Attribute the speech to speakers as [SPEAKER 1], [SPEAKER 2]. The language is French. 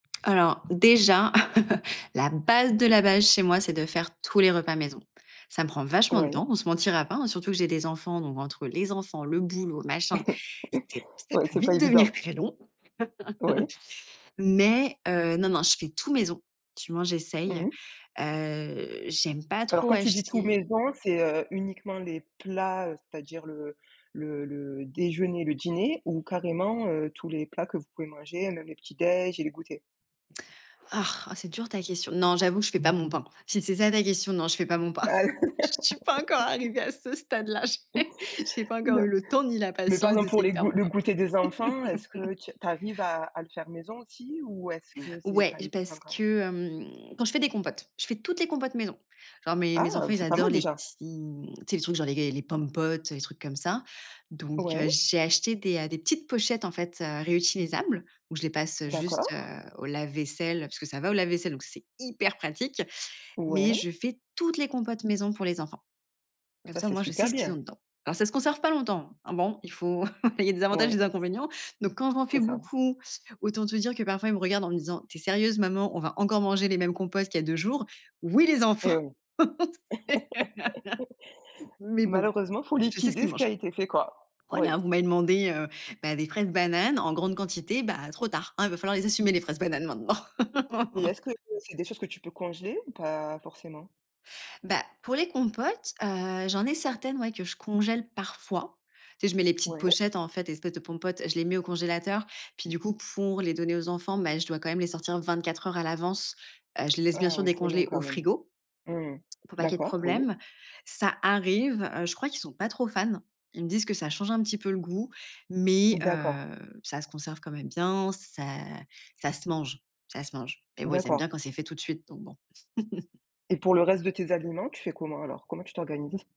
[SPEAKER 1] Alors déjà, la base de la base chez moi, c'est de faire tous les repas maison. Ça me prend vachement de
[SPEAKER 2] Ouais.
[SPEAKER 1] temps. On se mentira pas hein, surtout que j'ai des enfants, donc entre les enfants, le boulot machin, c'est p ça
[SPEAKER 2] Ouais,
[SPEAKER 1] peut
[SPEAKER 2] c'est pas
[SPEAKER 1] vite devenir
[SPEAKER 2] évident.
[SPEAKER 1] très long.
[SPEAKER 2] Oui.
[SPEAKER 1] Mais heu, non, non, je fais tout maison. Du moins, j'essaye.
[SPEAKER 2] Mmh mh.
[SPEAKER 1] Heu, j'aime pas
[SPEAKER 2] Alors
[SPEAKER 1] trop
[SPEAKER 2] quand tu dis tout
[SPEAKER 1] acheter.
[SPEAKER 2] maison, c'est, heu, uniquement les plats, heu, c'est-à-dire le le le déjeuner, le dîner ou carrément, heu, tous les plats que vous pouvez manger, même les petits déj' et les goûters?
[SPEAKER 1] oh c'est dur ta question. Non, j'avoue je fais pas mon pain. Si c'est ça ta question, non, je fais pas mon pain. Je suis pas encore arrivé à ce stade là, j'ai j'ai pas encore eu
[SPEAKER 2] Non.
[SPEAKER 1] le temps ni la
[SPEAKER 2] Mais par
[SPEAKER 1] patience
[SPEAKER 2] exemple pour
[SPEAKER 1] d'essayer de
[SPEAKER 2] les g
[SPEAKER 1] faire mon
[SPEAKER 2] le
[SPEAKER 1] pain.
[SPEAKER 2] goûter des enfants, est-ce que tu tu arrives à à le faire maison aussi ou est-ce que c'est
[SPEAKER 1] Ouais,
[SPEAKER 2] pas évident
[SPEAKER 1] parce,
[SPEAKER 2] quand même?
[SPEAKER 1] hem, quand je fais des compotes, je fais toutes les compotes maison. Enfin mes mes
[SPEAKER 2] Ah,
[SPEAKER 1] enfants, ils
[SPEAKER 2] c'est pas
[SPEAKER 1] adorent
[SPEAKER 2] mal
[SPEAKER 1] les
[SPEAKER 2] déjà.
[SPEAKER 1] petits mmh, tu sais, les trucs genre les les Pom'potes, les trucs comme ça. Donc
[SPEAKER 2] Ouais.
[SPEAKER 1] heu, j'ai acheté des, heu, des petites pochettes en fait, heu, réutilisables où je les passe, heu, juste, heu,
[SPEAKER 2] D'accord.
[SPEAKER 1] au lave vaisselle parce que ça va au lave vaisselle, donc ça c'est hyper pratique. Mais
[SPEAKER 2] Ouais.
[SPEAKER 1] je fais toutes les compotes maison pour les enfants. Comme
[SPEAKER 2] Ça
[SPEAKER 1] ça au
[SPEAKER 2] c'est
[SPEAKER 1] moins, je sais
[SPEAKER 2] super
[SPEAKER 1] ce qu'ils ont
[SPEAKER 2] bien.
[SPEAKER 1] dedans. Alors ça conserve pas longtemps. Hein, bon, il faut il y a des avantages et
[SPEAKER 2] Oui.
[SPEAKER 1] des inconvénients. Donc, quand j'en
[SPEAKER 2] C'est
[SPEAKER 1] fais
[SPEAKER 2] ça.
[SPEAKER 1] beaucoup, autant te dire que parfois, ils me regardent en me disant: «Tu es sérieuse maman, on va encore manger les mêmes compotes qu'il y a 2 jours?» «Oui, les enfants».
[SPEAKER 2] Eh oui.
[SPEAKER 1] Mais bon,
[SPEAKER 2] Malheureusement il faut
[SPEAKER 1] je sais ce qu'ils
[SPEAKER 2] liquider ce qui a
[SPEAKER 1] mangent.
[SPEAKER 2] été fait quoi. Oui.
[SPEAKER 1] Voilà: «Vous m'avez demandé, heu, bah, des fraises bananes en grande quantité. Bah trop tard, hein, il va falloir les assumer les fraises bananes maintenant».
[SPEAKER 2] Et est-ce que c'est des choses que tu peux congeler ou pas forcément?
[SPEAKER 1] Bah, pour les compotes, heu, j'en ai certaines ouais que je congèle parfois. Tu sais je mets les petites
[SPEAKER 2] Ouais?
[SPEAKER 1] pochettes en fait, les espèces de Pom'potes, je les mets au congélateur. Puis du coup, pour les donner aux enfants, beh, je dois quand même les sortir 24 heures à l'avance. Heu, je les laisse bien
[SPEAKER 2] Ah
[SPEAKER 1] sûr
[SPEAKER 2] oui c'est long
[SPEAKER 1] décongeler au
[SPEAKER 2] quand même.
[SPEAKER 1] frigo
[SPEAKER 2] Mmh mh.
[SPEAKER 1] pour pas qu'il y ait de
[SPEAKER 2] D'accord, oui.
[SPEAKER 1] problème. Ça arrive, heu. Je crois qu'ils sont pas trop fans. Ils me disent que ça change un petit peu le goût, mais,
[SPEAKER 2] D'accord.
[SPEAKER 1] heu, ça se conserve quand même bien. Ça ça se mange, ça se mange. Eh oui, ils aiment bien
[SPEAKER 2] D'accord.
[SPEAKER 1] quand c'est fait tout de suite, donc bon.
[SPEAKER 2] Et pour le reste de tes aliments, tu fais comment alors? Comment tu t'organises?